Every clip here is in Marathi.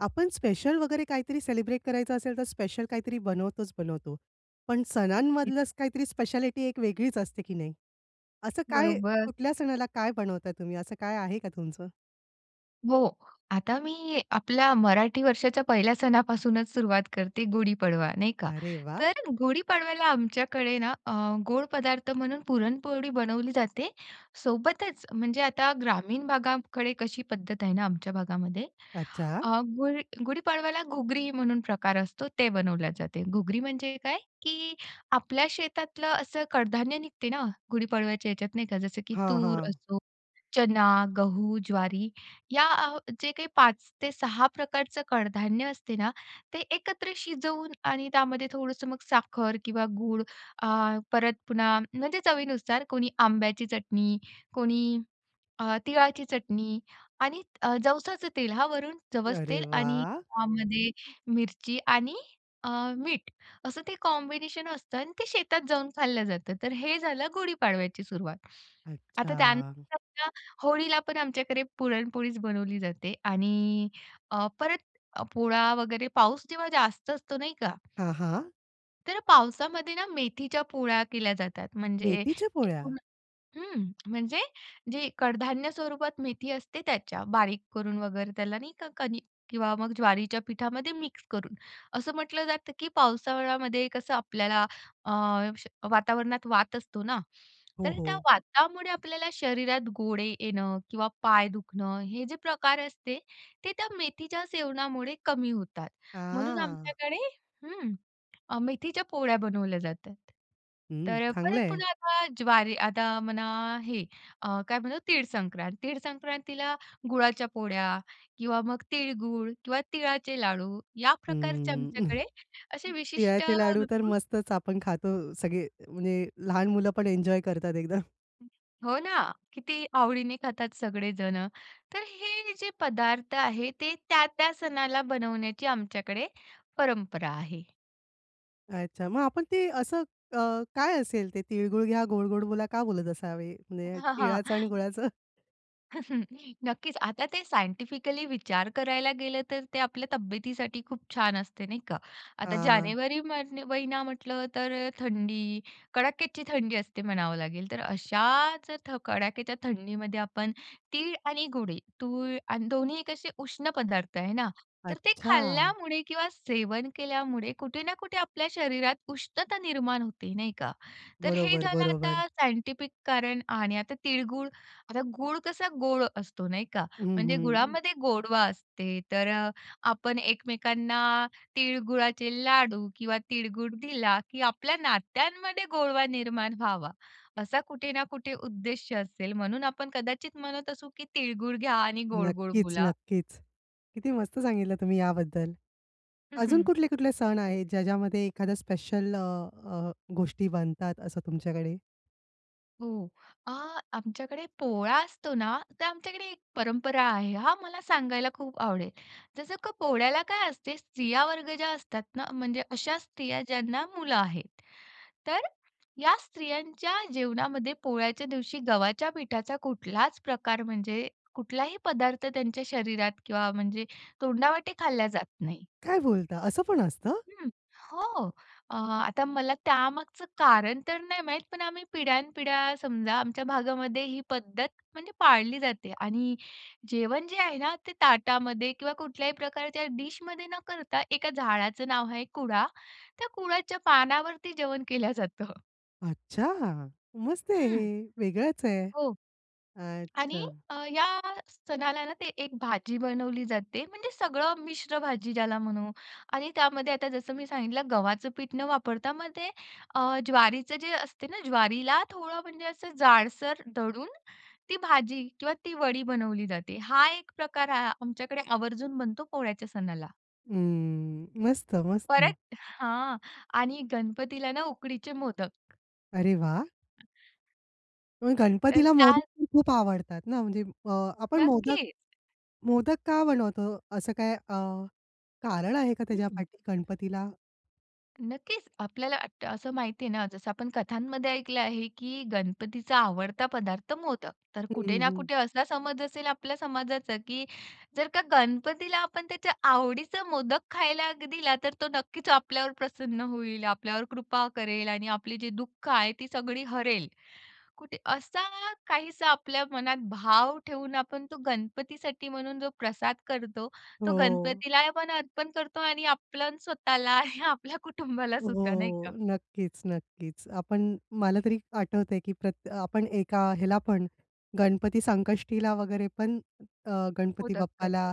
आपण स्पेशल वगैरे काहीतरी सेलिब्रेट करायचं असेल तर स्पेशल काहीतरी बनवतोच, बनवतो. पण नक्कीच, सणांमधलं असं काहीतरी स्पेशालिटी एक वेगळीच असते की नाही? असं काय, बरोबर. कुठल्या सणाला काय बनवता तुम्ही असं काय आहे का तुमचं? हो, आता मी आपल्या मराठी वर्षाच्या पहिल्या सणापासूनच सुरुवात करते गुढी पाडवा, नाही का? अरे वाह! तर गुढी पाडव्याला आमच्याकडे ना अ, गोड पदार्थ म्हणून पुरणपोळी बनवली जाते. सोबतच म्हणजे आता ग्रामीण भागाकडे कशी पद्धत आहे ना आमच्या भागामध्ये, अच्छा. अ, गुढी गुढीपाडव्याला घुगरी म्हणून प्रकार असतो ते बनवल्या जाते. घुगरी म्हणजे काय? की आपल्या शेतातलं असं कडधान्य निघते ना गुढीपाडव्याच्या ह्याच्यात नाही का जसं की हां, तूर हां. असो, चना, गहू, ज्वारी या अ, जे काही 5 ते 6 प्रकारचं कडधान्य असते ना ते एकत्र शिजवून आणि त्यामध्ये थोडंसं मग साखर, किंवा गूळ अ, परत पुन्हा म्हणजे चवीनुसार कोणी आंब्याची चटणी कोणी अ, तिळाची चटणी आणि अ, जवसाचं तेल हां वरून, जवस अरे तेल आणि वाह! त्यामध्ये मिरची आणि अ, मीठ असं ते कॉम्बिनेशन असतं आणि ते शेतात जाऊन खाल्लं जातं. तर हे झालं गुढीपाडव्याची सुरुवात आता अच्छा. त्यानंतर होळीला पण आमच्याकडे पुरणपोळीच बनवली जाते आणि अ, परत पोळा वगैरे पाऊस जेव्हा जास्त असतो नाही का हां, हां. तर पावसामध्ये ना, मेथीच्या पोळ्या केल्या जातात. म्हणजे मेथीच्या पोळ्या? एकूण हं म्हणजे जे कडधान्य स्वरूपात मेथी असते त्याच्या. बारीक करून वगैरे त्याला नाही का, कणीक मग ज्वारीच्या पिठामध्ये मिक्स करून. असं म्हटलं जातं, की पावसाळ्यामध्ये कसं आपल्याला अ, श वातावरणात वात असतो ना. हो, तर त्या हो. वातामुळे आपल्याला शरीरात गोळे येणं किंवा पाय दुखणं हे जे प्रकार असते, ते त्या मेथीच्या सेवनामुळे कमी होतात. म्हणून हां. आमच्याकडे हं, अ, मेथीच्या पोळ्या बनवल्या जातात. हं. तर परत चांगलं आहे. पुन्हा आता ज्वारी आता म्हणा हे, अ, काय म्हणतात तीळ संक्रांत. तीळ संक्रांतीला गुळाच्या पोळ्या किंवा मग तिळगूळ किंवा तिळाचे लाडू या प्रकारचे हं. आमच्याकडे असे विशिष्ट तिळाचे लाडू तर ऋतू मस्तच आपण खातो सगळे, म्हणजे लहान मुलं पण एन्जॉय करतात एकदम. हो ना. किती आवडीने खातात सगळे जणं. तर हे जे पदार्थ आहे ते त्या-त्या सणाला बनवण्याची आमच्याकडे परंपरा आहे. अच्छा. मग आपण ते असं अ, काय असेल ते "तीळगुळ घ्या गोड गोड बोला," का बोलत असावे? म्हणजे तिळाचं आणि गुळाचं नक्कीच. आता ते सायंटिफिकली विचार करायला गेलं तर ते आपल्या तब्येतीसाठी खूप छान असते नाही का. आता हां. जानेवारी म महिना म्हटलं तर थंडी कडाक्याची थंडी असते म्हणावं लागेल. तर अशाच थ कडाक्याच्या थंडीमध्ये आपण, तीळ आणि गुडी. तूळ आणि 2न्ही कसे उष्ण पदार्थ आहे ना. तर ते अच्छा. खाल्ल्यामुळे किंवा सेवन केल्यामुळे कुठे ना कुठे आपल्या शरीरात उष्णता निर्माण होते नाही का. तर हे बरोबर, झालं बरोबर. आता सायंटिफिक कारण आणि आता तिळगूळ आता गूळ कसा गोड असतो नाही का. हं, म्हणजे हं. गुळामध्ये गोडवा असते तर अ, आपण एकमेकांना तिळगुळाचे लाडू किंवा तिळगुळ दिला की आपल्या नात्यांमध्ये गोडवा निर्माण व्हावा, असा कुठे ना कुठे उद्देश्य असेल. म्हणून आपण कदाचित म्हणत असू की, "तिळगुळ घ्या आणि गोड गोड नक्कीच, बोला." नक्कीच. किती मस्त सांगितलं तुम्ही याबद्दल. अजून कुठले, कुठले सण आहेत, ज्या ज्यामध्ये एखाद्या स्पेशल अ, अ, गोष्टी बनतात असं तुमच्याकडे? हो, अ, आमच्याकडे पोळा असतो ना तर आमच्याकडे एक परंपरा आहे हां. मला सांगायला खूप आवडेल. जसं का पोळ्याला काय असते स्त्रिया वर्ग ज्या असतात ना म्हणजे अशा स्त्रिया ज्यांना मुलं आहेत. तर या स्त्रियांच्या जेवणामध्ये पोळ्याच्या दिवशी गव्हाच्या पिठाचा कुठलाच प्रकार म्हणजे कुठलाही पदार्थ त्यांच्या शरीरात किंवा म्हणजे तोंडावाटे खाल्ला जात नाही. काय बोलता असं पण असतं? हं, हो. अ, आता मला त्यामागचं कारण तर नाही माहीत पण आम्ही पिढ्यानपिढ्या समजा आमच्या भागामध्ये ही पद्धत म्हणजे पाळली जाते आणि जेवण जे आहे ना ते ताटामध्ये किंवा कुठल्याही प्रकारच्या डिशमध्ये न करता एका झाडाचं नाव आहे कुळा, त्या कुळाच्या पानावरती जेवण केल्या जातं. अच्छा! मस्त आहे हं. हे. वेगळच आहे, हो आणि अच्छा. अ, या सणाला ना ते एक भाजी बनवली जाते म्हणजे सगळं मिश्र भाजी ज्याला म्हणू आणि त्यामध्ये आता जसं मी सांगितलं गव्हाचं पीठ न वापरता मग ते अ, ज्वारीचं जे असते ना ज्वारीला थोडं म्हणजे असं जाडसर दळून, ती भाजी किंवा ती वडी बनवली जाते हा एक प्रकार आहे आमच्याकडे आवर्जून बनतो पोळ्याच्या सणाला. हं, मस्त, मस्त. परत हां आणि गणपतीला ना, उकडीचे मोदक. अरे वाह! पण तर गणपतीला त्या मोदक तर खूप आवडतात ना म्हणजे अ, आपण मोदक नक्कीच. मोदक का बनवतो? असं काही अ, कारण आहे का हं, त्याच्या हं. पाठी गणपतीला? नक्कीच आपल्याला अट असं माहिती आहे ना जसं आपण कथांमध्ये ऐकलं आहे, की गणपतीचा आवडता पदार्थ मोदक. तर हं, कुठे ना हं. कुठे असा समज असेल आपल्या समाजाचा, की जर का गणपतीला आपण त्याच्या आवडीचा मोदक खायला दिला. तर तो नक्कीच आपल्यावर प्रसन्न होईल, आपल्यावर कृपा करेल आणि आपली जी दुःख आहे ती सगळी हरेल. कुठे असा काहीसा आपल्या मनात भाव ठेवून आपण तो गणपतीसाठी म्हणून जो प्रसाद करतो, तो हो. गणपतीला आपण अर्पण करतो आणि आपल्या स्वतःला आणि आपल्या कुटुंबाला सुद्धा, नाही हो, का? नक्कीच, नक्कीच आपण मला तरी आठवतंय, की प्रत्य आपण एका ह्याला पण गणपती संकष्टीला वगैरे पण अ, गणपती मोदक बाप्पाला करतो.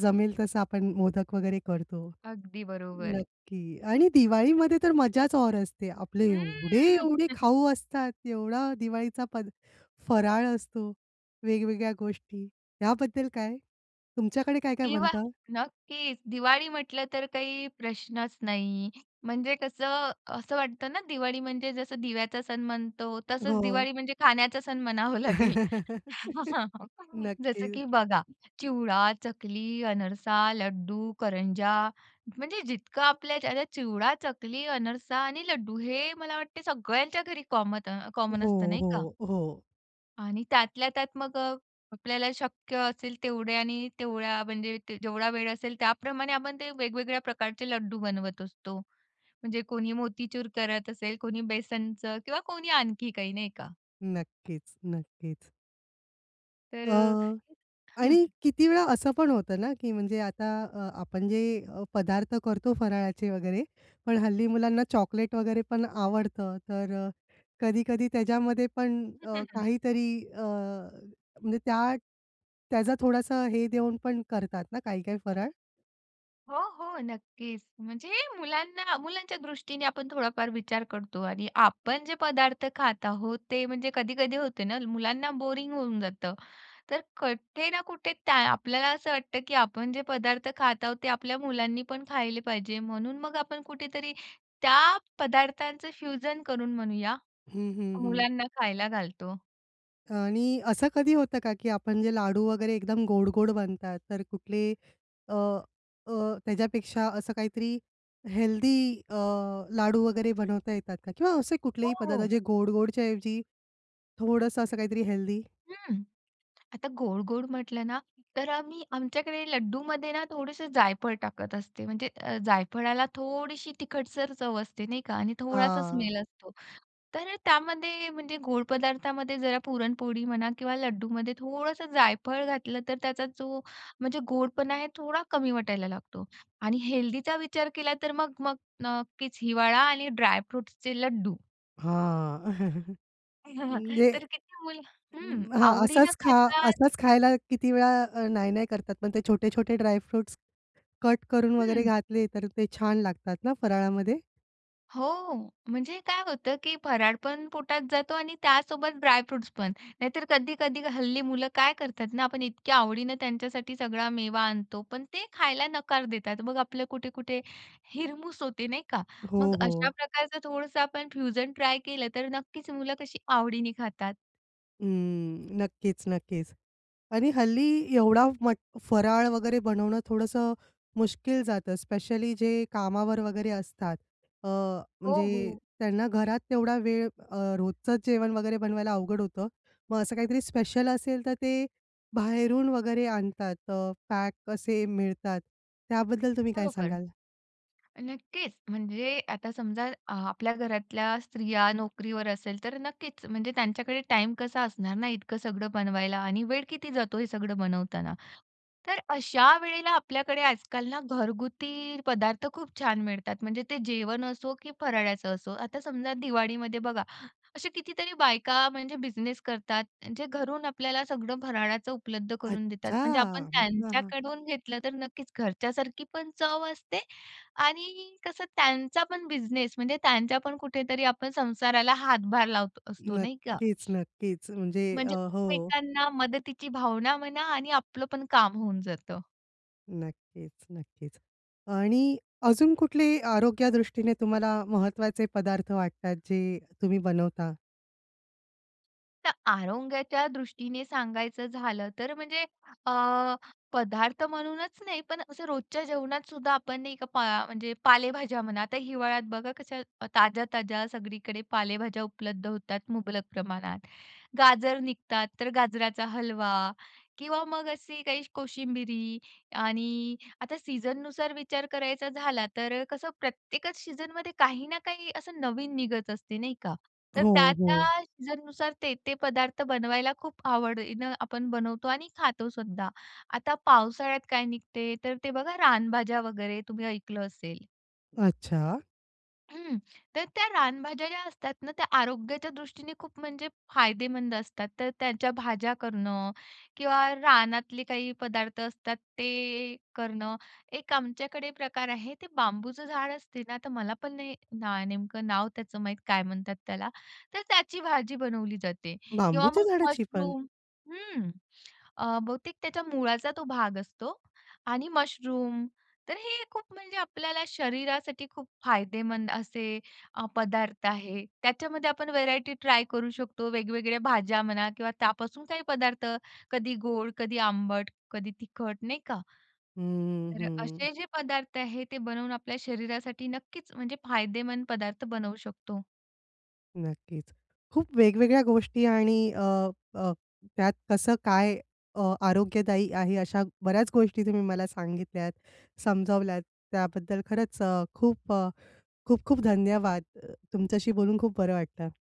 जमेल तसं आपण मोदक वगैरे करतो. अगदी बरोबर. नक्की आणि दिवाळीमध्ये तर मज्जाच और असते आपले हम्म. एवढे-एवढे खाऊ असतात, एवढा दिवाळीचा पद फराळ असतो, वेगवेगळ्या गोष्टी याबद्दल काय? तुमच्याकडे काय-काय दिवा बनतं? नक्कीच दिवाळी म्हटलं तर काही प्रश्नच नाही. म्हणजे कसं, असं वाटतं ना, दिवाळी म्हणजे जसं दिव्याचा सण म्हणतो. तसंच हो. दिवाळी म्हणजे खाण्याचा सण म्हणावा लागेल. जसं नक्कीच की बघा चिवडा, चकली, अनरसा, लड्डू, करंजा म्हणजे जितकं आपल्याच्याने चिवडा, चकली, अनरसा आणि लड्डू हे मला वाटतं सगळ्यांच्या घरी कॉमत अ, कॉमन असतं, हो, नाही का? हो, हो. आणि त्यातल्या त्यात मग अ, आपल्याला शक्य असेल तेवढे आणि तेवढ्या म्हणजे जेवढा वेळ असेल त्याप्रमाणे आपण ते वेगवेगळ्या प्रकारचे लड्डू बनवत असतो. म्हणजे कोणी मोतीचूर करत असेल, कोणी बेसनचं किंवा कोणी आणखी काही, नाही का. नक्कीच नक्कीच. अ, तर अ हं. आणि किती वेळा असं पण होतं ना की म्हणजे आता अ, आपण जे अ, पदार्थ करतो फराळाचे वगैरे पण हल्ली मुलांना चॉकलेट वगैरे पण आवडतं तर अ, कधी-कधी त्याच्यामध्ये पण हं, अ, हं, हं. काहीतरी अ म्हणजे त्या त्याचा थोडासा हे देऊन पण करतात ना काही-काही फराळ? हो, हो, नक्कीच. म्हणजे मुलांना मुलांच्या दृष्टीने आपण थोडाफार विचार करतो आणि आपण जे पदार्थ खात आहोत ते म्हणजे कधी-कधी होते ना, मुलांना बोरिंग होऊन जातं. तर कुठे ना कुठे त्या आपल्याला असं वाटतं की आपण जे पदार्थ खात आहोत ते आपल्या मुलांनीपण खाल्ले पाहिजे म्हणून मग आपण कुठेतरी त्या पदार्थांचं फ्युजन करून म्हणूया हं, हं, हं. मुलांना खायला घालतो. आणि असं कधी होतं का, की आपण जे लाडू वगैरे एकदम गोड-गोड बनतात. तर कुठले अ अ, त्याच्यापेक्षा असं काहीतरी हेल्दी अ, लाडू वगैरे बनवता येतात का किंवा असे हो, कुठलेही पदार्थ हो. जे गोड गोडच्या ऐवजी थोडंसं असं काहीतरी हेल्दी? हं. आता गोड-गोड म्हटलं ना तर आम्ही आमच्याकडे लड्डूमध्ये ना थोडंसं जायफळ टाकत असते. म्हणजे अ, जायफळाला थोडीशी तिखटसर चव असते नाही का आणि थोडासा हां. स्मेल असतो. तर अ, त्यामध्ये म्हणजे गोड पदार्थामध्ये जरा पुरणपोळी म्हणा किंवा लड्डूमध्ये थोडंसं जायफळ घातलं तर त्याचा जो म्हणजे गोडपणा आहे थोडा कमी वाटायला लागतो. आणि हेल्दीचा विचार केला तर मग मग नक्कीच हिवाळा आणि ड्रायफ्रुट्सचे लड्डू. हां. म्हणजे तर किती मुलं हं, अं, हां, आवडीने असाच खा खातात असाच खायला किती वेळा अ, नाही-नाही करतात पण ते छोटे-छोटे ड्राय फ्रुट्स कट करून वगैरे हं. घातले तर ते छान लागतात ना फराळामध्ये. हो, म्हणजे काय होतं, की फराळ पण पोटात जातो आणि त्यासोबत ड्राय फ्रुट्स पण नाहीतर कधी-कधी हल्ली मुलं काय करतात ना आपण इतक्या आवडीने त्यांच्यासाठी सगळा मेवा आणतो पण ते खायला नकार देतात मग आपलं कुठे-कुठे हिरमूस होते नाही का. हो, मग अशा हो. प्रकारचं थोडंसं आपण फ्युजन ट्राय केलं तर नक्कीच मुलं कशी आवडीने खातात. अं, नक्कीच, नक्कीच आणि हल्ली एवढा मट फराळ वगैरे बनवणं थोडंसं मुश्कील जातं, स्पेशली जे कामावर वगैरे असतात. अ, हो, म्हणजे हो. त्यांना घरात तेवढा वेळ अ, रोजचंच जेवण वगैरे बनवायला अवघड होतं मग असं काहीतरी स्पेशल असेल तर ते बाहेरून वगैरे आणतात अ, पॅक कसे मिळतात, त्याबद्दल तुम्ही काय बरोबर, सांगाल? नक्कीच. म्हणजे आता समजा अ, आपल्या घरातल्या स्त्रिया नोकरीवर असेल तर नक्कीच म्हणजे त्यांच्याकडे टाईम कसा असणार ना इतकं सगळं बनवायला आणि वेळ किती जातो हे सगळं बनवताना. तर अशा वेळेला आपल्याकडे आजकाल ना घरगुती पदार्थ खूप छान मिळतात. म्हणजे ते जेवण असो की फराळ्याचं असो आता समजा दिवाळीमध्ये बघा अशा कितीतरी बायका म्हणजे बिझनेस करतात म्हणजे घरून आपल्याला सगळं फराळाचं उपलब्ध करून देतात अच्छा. म्हणजे आपण हां, हां. त्यांच्याकडून घेतलं तर नक्कीच घरच्यासारखी पण चव असते आणि कसं त्यांचा पण बिझनेस म्हणजे त्यांचा पण कुठेतरी आपण संसाराला हातभार लावत असतो नाही का? नक्कीच, नक्कीच. म्हणजे अ, म्हणजे हो. एकमेकांना मदतीची भावना म्हणा आणि आपलं पण काम होऊन जातं. नक्कीच, नक्कीच आणि अजून कुठलेही आरोग्य दृष्टीने तुम्हाला महत्वाचे पदार्थ वाटतात जे तुम्ही बनवता? तर आरोग्याच्या दृष्टीने सांगायचं झालं तर म्हणजे अ, पदार्थ म्हणूनच नाही पण असं रोजच्या जेवणात सुद्धा आपण नाही का पा म्हणजे पालेभाज्या म्हणा आता हिवाळ्यात बघा कशा ताज्या-ताज्या सगळीकडे पालेभाज्या उपलब्ध होतात मुबलक प्रमाणात. गाजर निघतात तर गाजराचा हलवा किंवा मग अशी काही कोशिंबिरी आणि आता सीझननुसार विचार करायचा झाला तर कसं प्रत्येकच सीझनमध्ये काही ना काही असं नवीन निघत असते नाही का. तर हो, त्या-त्या हो. सीझननुसार ते-ते पदार्थ बनवायला खूप आवडीनं आपण बनवतो आणि खातोसुद्धा. आता पावसाळ्यात काय निघते तर ते बघा रानभाज्या वगैरे तुम्ही ऐकलं असेल. अच्छा! हं तर त्या रानभाज्या ज्या असतात ना त्या आरोग्याच्या दृष्टीने खूप म्हणजे फायदेमंद असतात. तर त्यांच्या भाज्या करणं किंवा रानातले काही पदार्थ असतात ते करणं एक आमच्याकडे प्रकार आहे ते बांबूचं झाड असते ना तर मला पण नाही ना नेमकं नाव त्याचं माहीत काय म्हणतात त्याला तर त्याची भाजी बनवली जाते किंवा बांबूच्या मग झाडाची पण? मशरूम हं. अ, बहुतेक त्याच्या मुळाचा तो भाग असतो आणि मशरूम तर हे खूप म्हणजे आपल्याला शरीरासाठी खूप फायदेमंद असे पदार्थ आहे. त्याच्यामध्ये आपण व्हरायटी ट्राय करू शकतो वेगवेगळ्या भाज्या म्हणा किंवा त्यापासून काही पदार्थ कधी गोड, कधी आंबट, कधी तिखट नाही का. हं, तर अ, हं. असे जे पदार्थ आहेत ते बनवून आपल्या शरीरासाठी नक्कीच म्हणजे फायदेमंद पदार्थ बनवू शकतो. नक्कीच. खूप वेगवेगळ्या गोष्टी आणि अ, अ, त्यात कसं काय अ, आरोग्यदायी आहे. अशा बऱ्याच गोष्टी तुम्ही मला सांगितल्यात, समजावल्यात त्याबद्दल खरंच अ, खूप अ, खूप खूप धन्यवाद तुमच्याशी बोलून खूप बरं वाटलं.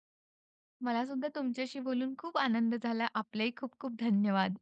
मला सुद्धा तुमच्याशी बोलून खूप आनंद झाला आपलेही खूप खूप धन्यवाद.